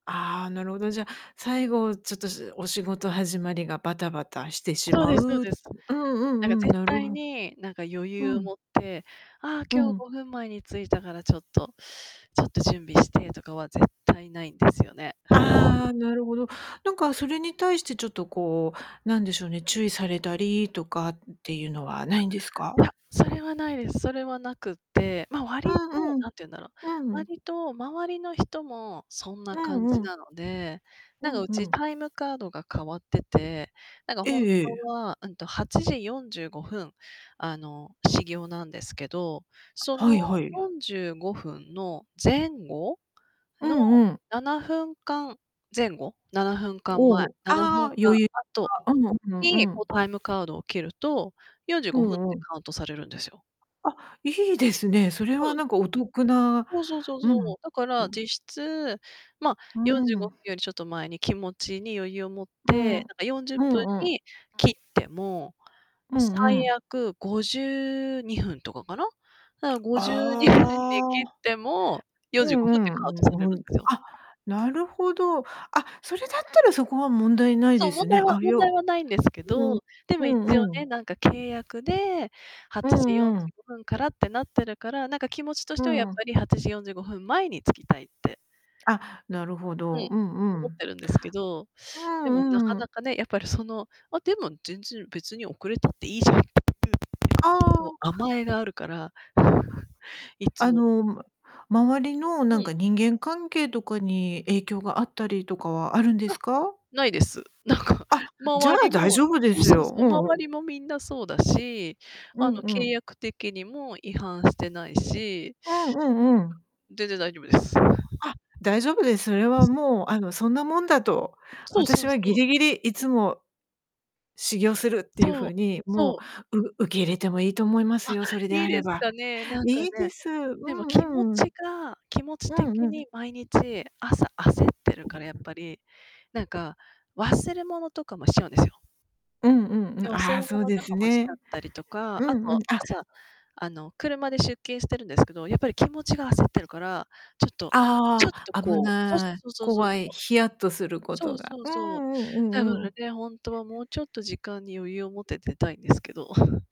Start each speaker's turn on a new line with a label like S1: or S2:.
S1: ああ、なるほど。じゃあ、最後ちょっと、しお仕事始まりがバタバタしてし
S2: そう
S1: ま
S2: で
S1: う
S2: すそう
S1: うん
S2: です。
S1: う
S2: なんか
S1: ん-うん、
S2: 絶
S1: なる
S2: 対
S1: ほ
S2: に、なんか余
S1: う
S2: 裕を
S1: ん。
S2: 持って、ああ
S1: う
S2: 今日
S1: ん。
S2: 5分前に着いたからちょっと、ちょっと準備してとかは絶対ないんですよね。
S1: ああ、なるほど。なんか、それに対してちょっとこう、なんでしょうね、注意されたりとかっていうのはないんです
S2: い
S1: か？
S2: や、それはないです、それはなくて、ま、
S1: う
S2: 割と、
S1: んうん、
S2: 何て言うんだろう、
S1: うん。
S2: 割と周りの人もそんな
S1: う
S2: 感
S1: ん
S2: じ
S1: うん。
S2: なので、な
S1: う
S2: んか
S1: ん
S2: う
S1: う
S2: ち
S1: ん。
S2: タイムカードが変わってて、なんか
S1: え
S2: 本
S1: えええ。
S2: 当はうんと、8時45分、あの、始業なんですけど、そ
S1: は
S2: の
S1: いはい。
S2: 45分の前後
S1: う
S2: の
S1: んうん。
S2: 7分間、前後、7分間
S1: お
S2: 前、
S1: お、
S2: ななふ
S1: あ
S2: ん
S1: あ、
S2: 間
S1: 余裕
S2: 後、
S1: が、うんうん
S2: に、
S1: う
S2: こう
S1: ん。
S2: タイムカードを切ると、よんじゅう
S1: う
S2: ごふんて
S1: んうん。
S2: カウントされるんですよ。
S1: あ、いいですね。それ
S2: そうな
S1: は
S2: んす
S1: 何
S2: よ。
S1: かお得な
S2: そうそうそう
S1: う
S2: そ
S1: ん。
S2: う、だから実 質ま、
S1: う
S2: よんじゅうご
S1: ん。
S2: ふんよりちょっと前に気持ちに余裕を持っ
S1: うん、う
S2: て、なんか40分
S1: んうん。
S2: に
S1: あ。
S2: 切っても、
S1: うんう
S2: 最
S1: ん。
S2: 悪52分とかかな。だから52分に切っ
S1: ああ、
S2: ても、よん
S1: う
S2: じゅう
S1: ん
S2: ご
S1: う
S2: で
S1: ん
S2: カウント
S1: う
S2: される
S1: ん
S2: ん
S1: うん。
S2: ですよ。
S1: あ、なるほど。あ、それだったらそこは問題ない
S2: そ
S1: で
S2: う、問
S1: す
S2: 題
S1: ね。
S2: は
S1: あ、
S2: 問
S1: よう
S2: 題はないんですけ
S1: う
S2: ど、
S1: ん、
S2: でも
S1: う
S2: 一応
S1: んうん。
S2: ね、なんか契約で、は
S1: う
S2: ちじよん
S1: ん
S2: じ
S1: うん。
S2: ゅうごふんからってなってるから、なんか気持ちとし
S1: う
S2: てはやっ
S1: ん。
S2: ぱり8時45分前に着きたいって
S1: あ、なるほ
S2: う
S1: ど、
S2: ん。
S1: うんう
S2: 思っ
S1: ん。
S2: てるんですけど、
S1: う
S2: でもなか
S1: んう
S2: な
S1: ん。
S2: かね、やっぱりその、あ、でも全然別に遅れたっていいじゃん。
S1: あ
S2: こ
S1: あ。
S2: う甘えがあるから、いつ
S1: あ
S2: も
S1: の、周りの
S2: う
S1: なん
S2: ん。
S1: か人間関係とかに影響があったりとかはあるんで
S2: あ、
S1: すか？
S2: ないです。なんか、
S1: あ、じゃ
S2: 周
S1: あ
S2: り
S1: 大
S2: も、
S1: 丈夫で
S2: そう
S1: す
S2: そう
S1: よ。
S2: そ
S1: う
S2: う、
S1: んう
S2: 周
S1: ん。
S2: りもみんなそうだし、
S1: う
S2: あの
S1: んう
S2: 契
S1: ん。
S2: 約的にも違反してないし
S1: うん。うんうん。
S2: 全然大丈夫です。
S1: あ、大丈夫です。それ は
S2: す。
S1: もうあのそんなもんだと
S2: そうそ
S1: 私
S2: う
S1: は
S2: そ
S1: ギ
S2: う。
S1: リギリいつも始業するっていう
S2: そう、
S1: 風に
S2: そ
S1: も
S2: う。
S1: う、う受け入れてもいいと思います
S2: あ、
S1: よ。それで
S2: いい
S1: あ
S2: で
S1: れ
S2: す
S1: ば。
S2: かね、なんか
S1: いいで
S2: ね。
S1: す。う
S2: でも気持
S1: んう
S2: ち
S1: ん。
S2: が気持ち
S1: うん
S2: 的
S1: うん。
S2: に毎日朝焦ってるからやっぱり、なんか、忘れ物とかもしちゃうんですよ。
S1: うんうんうん、
S2: で、忘れ
S1: ああ、
S2: 物
S1: そうで
S2: と
S1: す
S2: かもしちゃっ
S1: ね。
S2: たりとか、
S1: う
S2: あ
S1: んうん、
S2: と
S1: あ。
S2: 朝、あの、車で出勤してるんですけど、やっぱり気持ちが焦ってる から、ちょっとちょ
S1: あ
S2: っと
S1: あ、危
S2: こう、そうそう
S1: ない、
S2: そうそうそう
S1: 怖い、
S2: そう。
S1: ヒヤッとするこ
S2: そ
S1: と
S2: う
S1: が
S2: そう
S1: うー
S2: そう。
S1: ん、うんう
S2: だか
S1: んう
S2: ら
S1: ん。
S2: ね、本当はもうちょっと時間に余裕を持って出たいんですけど。